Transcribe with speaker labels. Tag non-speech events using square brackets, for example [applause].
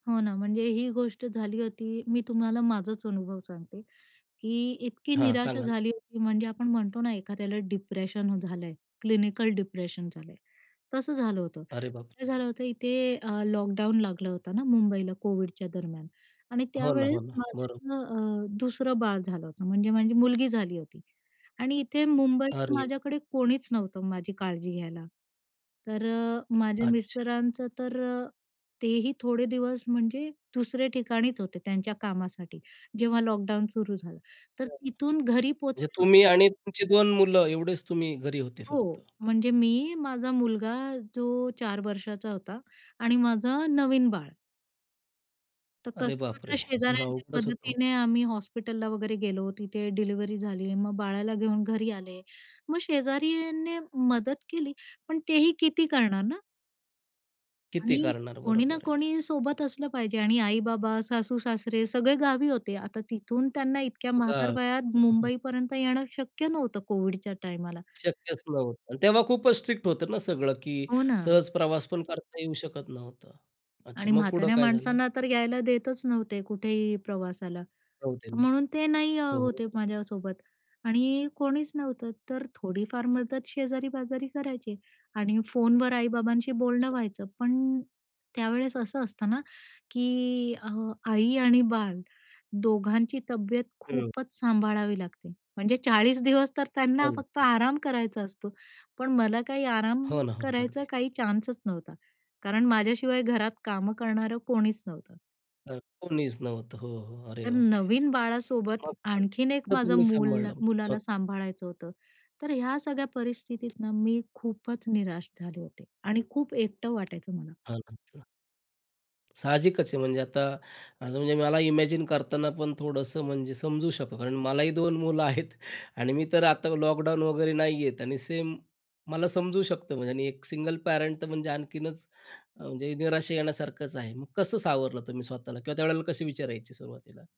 Speaker 1: हो ना, म्हणजे ही गोष्ट झाली होती मी तुम्हाला माझाच अनुभव सांगते, की इतकी
Speaker 2: हां. सांगा
Speaker 1: निराशा
Speaker 2: ना.
Speaker 1: झाली होती. म्हणजे आपण म्हणतो ना, एखाद्याला डिप्रेशन झालंय, क्लिनिकल डिप्रेशन झालंय, तसं झालं होतं.
Speaker 2: अरे, बापरे!
Speaker 1: काय झालं होतं इथे अ, लॉकडाऊन लागलं होतं ना, मुंबईला कोविडच्या दरम्यान आणि
Speaker 2: हो ना, हो
Speaker 1: त्यावेळेस
Speaker 2: ना. बरोबर.
Speaker 1: माझं अ, दुसरं बाळ झालं होतं, म्हणजे माझी मुलगी झाली होती. आणि इथे मुंबईत
Speaker 2: अरे.
Speaker 1: माझ्याकडे कोणीच नव्हतं, माझी काळजी घ्यायला. तर अ, माझ्या
Speaker 2: अच्छा.
Speaker 1: मिस्टरांचं तर अ, तेही थोडे दिवस म्हणजे दुसरे ठिकाणीच होते त्यांच्या कामासाठी जेव्हा लॉकडाऊन सुरू झालं,
Speaker 2: [unintelligible]
Speaker 1: तर
Speaker 2: म्हणजे
Speaker 1: तिथून घरी पोहोचायला
Speaker 2: तुम्ही आणि तुमची 2 मुलं एवढेच तुम्ही घरी होते फक्त?
Speaker 1: हो, म्हणजे मी, माझा मुलगा जो 4 वर्षाचा होता आणि माझं नवीन बाळ. तर
Speaker 2: अरे, बापरे!
Speaker 1: कसंबसं
Speaker 2: हे
Speaker 1: शेजाऱ्यांच्या
Speaker 2: अवघडच होतं हो.
Speaker 1: मदतीने आम्ही हॉस्पिटलला वगैरे गेलो, तिथे डिलिव्हरी झाली. मग बाळाला घेऊन घरी आले. मग शेजाऱ्यांनी मदत केली. पण तेही किती करणार ना?
Speaker 2: किती
Speaker 1: आणि
Speaker 2: करणार?
Speaker 1: कोणी ना
Speaker 2: बरोबर आहे ना.
Speaker 1: कोणी सोबत असलं पाहिजे आणि आई-बाबा, सासू-सासरे सगळे गावी होते. आता तिथून त्यांना इतक्या
Speaker 2: [unintelligible] हं,
Speaker 1: म्हातारवयात
Speaker 2: हं.
Speaker 1: मुंबईपर्यंत येणं शक्य नव्हतं कोव्हिडच्या टाईमाला.
Speaker 2: शक्यच नव्हतं आणि तेव्हा खूपच स्ट्रिक्ट होतं ना, सगळं की
Speaker 1: हो ना.
Speaker 2: सहज प्रवास पण करता येऊ शकत नव्हतं. अच्छा,
Speaker 1: आणि
Speaker 2: मग पुढे
Speaker 1: म्हाताऱ्या
Speaker 2: काय झालं?
Speaker 1: माणसांना तर यायला देतच नव्हते कुठेही प्रवासाला.
Speaker 2: नव्हते ना.
Speaker 1: म्हणून ते नाही अ,
Speaker 2: हो,
Speaker 1: होते
Speaker 2: हो.
Speaker 1: माझ्यासोबत आणि कोणीच नव्हतं. तर थोडीफार मदत शेजारी-पाजारी करायचे आणि फोनवर आई-बाबांशी बोलणं
Speaker 2: अच्छा.
Speaker 1: व्हायचं. पण त्यावेळेस असं असतं ना, की अ, आई आणि बाळ दोघांची तब्येत
Speaker 2: हं.
Speaker 1: खूपच सांभाळावी लागते. म्हणजे 40 दिवस तर
Speaker 2: हो
Speaker 1: त्यांना
Speaker 2: ना.
Speaker 1: फक्त
Speaker 2: हो.
Speaker 1: आराम करायचा असतो, पण मला काही आराम
Speaker 2: हो ना, हो ना.
Speaker 1: करायचा
Speaker 2: अगदी.
Speaker 1: काही चान्सच नव्हता. कारण माझ्याशिवाय घरात कामं करणारं कोणीच नव्हतं.
Speaker 2: हां, कोणीच नव्हतं. हो, हो. अरे,
Speaker 1: तर
Speaker 2: बापरे!
Speaker 1: नवीन
Speaker 2: मग
Speaker 1: बाळासोबत,
Speaker 2: [unintelligible]
Speaker 1: आणखीन एक
Speaker 2: मग
Speaker 1: माझं
Speaker 2: तुम्ही
Speaker 1: मुल
Speaker 2: सांभाळलं
Speaker 1: मुलाला
Speaker 2: स्वत:?
Speaker 1: सांभाळायचं होतं. तर ह्या सगळ्या परिस्थितीत ना मी खूपच निराश झाले होते आणि खूप एकटं वाटायचं मला.
Speaker 2: [unintelligible] साहजिकच आहे. म्हणजे आता, म्हणजे मला इमॅजिन करतांना पण थोडंसं म्हणजे समजू शकतो. कारण मलाही 2 मुलं आहेत आणि मी तर आता लॉकडाऊन वगैरे नाही आहेत आणि सेम मला समजू शकतो बघा आणि एक सिंगल पॅरंट तर म्हणजे आणखीनच अ, म्हणजे निराशा येण्यासारखंच आहे. मग कसं सावरलं तुम्ही स्वतःला किंवा त्यावेळेला कसे विचार यायचे सुरुवातीला?